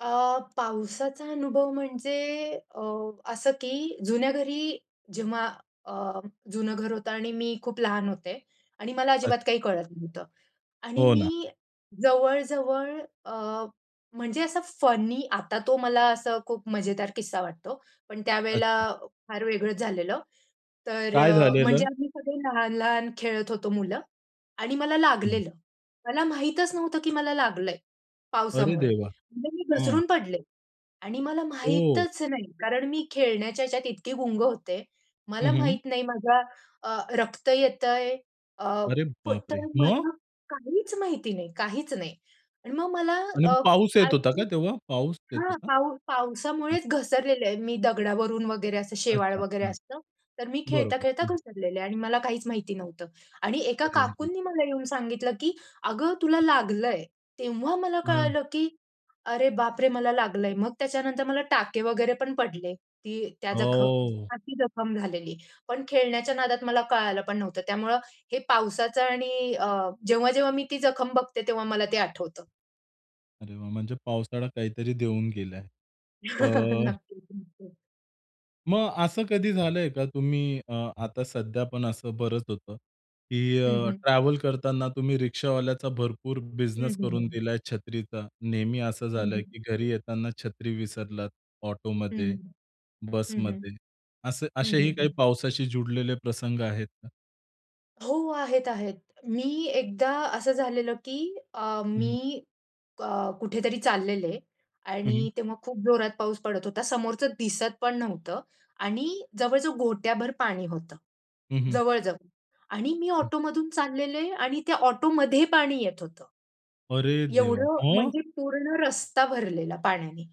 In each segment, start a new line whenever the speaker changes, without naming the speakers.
अ, पावसाचा अनुभव म्हणजे अ, असं की जुन्या घरी जेव्हा अ, जुनं घर होतं आणि मी खूप लहान होते आणि मला
अच्छा.
अजिबात काही कळत नव्हतं आणि
हो ना.
मी जवळ-जवळ अ, म्हणजे असं फनी आता तो मला असं खूप मजेदार किस्सा वाटतो. पण त्यावेळेला
अच्छा.
फार वेगळंच झालेलं. तर
काय
अ, म्हणजे
झालेल?
आम्ही सगळे लहान-लहान खेळत होतो मुलं आणि मला
हं.
लागलेलं. मला माहीतच नव्हतं की मला लागलंय
अरे
पावसामुळे.
देवा!
म्हणजे मी
हं.
घसरून पडले आणि मला
ओह!
माहीतच नाही. कारण मी खेळण्याच्या ह्याच्यात इतकी गुंग होते,
हं,
मला
हं.
माहीत नाही माझ्या अ, रक्त येतंय अ,
अरे
प
बापरे!
तर
मग?
मला काहीच माहिती नाही, काहीच नाही आणि मग मला
आणि
अ,
पाऊस येत होता
आईची
का तेव्हा? पाऊस येत
हां,
होता?
पाऊस पावसामुळेच घसरलेलं आहे, मी दगडावरून वगैरे असं शेवाळ
अच्छा,
वगैरे
हं.
असतं तर मी
बरोबर,
खेळता-खेळता
हं.
घसरलेली आहे आणि मला काहीच माहिती नव्हतं आणि एका
अरे रे!
काकूंनी मला येऊन सांगितलं, "की अगं तुला लागलंय." तेव्हा मला
हां.
कळालं की अरे बापरे! मला लागलंय. मग त्याच्यानंतर मला टाके वगैरे पण पडले. ती त्या जखम
हो.
ती जखम झालेली. पण खेळण्याच्या नादात मला कळालं पण नव्हतं, त्यामुळं हे पावसाचं आणि अ, जेव्हा-जेव्हा मी ती जखम बघते तेव्हा मला ते आठवतं.
अरे वा! म्हणजे पावसाळा काहीतरी देऊन गेलाय. अ
नक्कीच-नक्कीच.
मग असं कधी झालंय का? तुम्ही अ, आता सध्या पण असं बरंच होतं की
हं,
अ,
हं.
ट्रॅव्हल करताना तुम्ही रिक्षावाल्याचा भरपूर
हं,
बिझनेस
हं,
करून
हं.
दिलाय, छत्रीचा? नेहमी असं
हं,
झालंय
हं.
की घरी येताना छत्री विसरलात
हं,
ऑटोमध्ये
हं, हं,
बसमध्ये, असे
हं,
असेही
हं,
काही
हं.
पावसाशी जुळलेले प्रसंग आहेत का?
हो, आहेत-आहेत. मी एकदा असं झालेलं की अ,
हं, हं.
मी क कुठेतरी चाललेले
हं,
आणि
हं.
तेव्हा खूप जोरात पाऊस पडत होता, समोरचं दिसत पण नव्हतं आणि जवळ-जवळ घोठ्याभर पाणी होतं,
हं, हं.
जवळ-जवळ आणि मी
हं.
ऑटो मधून चाललेले आणि त्या ऑटोमध्ये पाणी येत होतं.
रे देवा!
एवढं
मग?
म्हणजे पूर्ण रस्ता भरलेला पाण्याने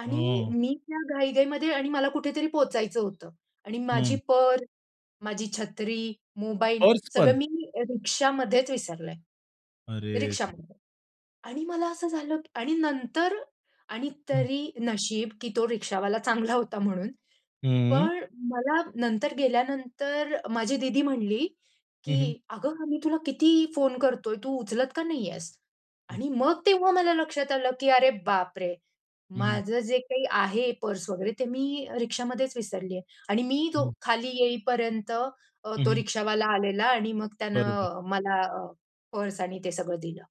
आणि
हां.
मी त्या घाई-घाईमध्ये आणि मला कुठेतरी पोहचायचं होतं आणि माझी
हं.
पर्स, माझी छत्री, मोबाईल
पर्सपण?
सगळं मी रिक्षामध्येच विसरले,
अरे देवा!
रिक्षामध्ये आणि मला असं झालं आणि नंतर आणि
हं.
तरी नशीब की तो रिक्षावाला चांगला होता म्हणून,
हं.
पण मला नंतर गेल्यानंतर माझी दीदी म्हणली,
हं, हं.
"की अगं आमी तुला किती फोन करतोय, तू उचलत का नाही आहेस?"
हं.
आणि मग तेव्हा मला लक्षात आलं की अरे बापरे!
हं, हं.
माझं जे काही आहे, पर्स वगैरे ते मी रिक्षामध्येच विसरलीये आणि मी तो
हं.
खाली येईपर्यंत अ,
हं,
तो
हं.
रिक्षावाला आलेला आणि मग
बरोबर.
त्यानं मला अ, पर्स आणि ते सगळं दिलं.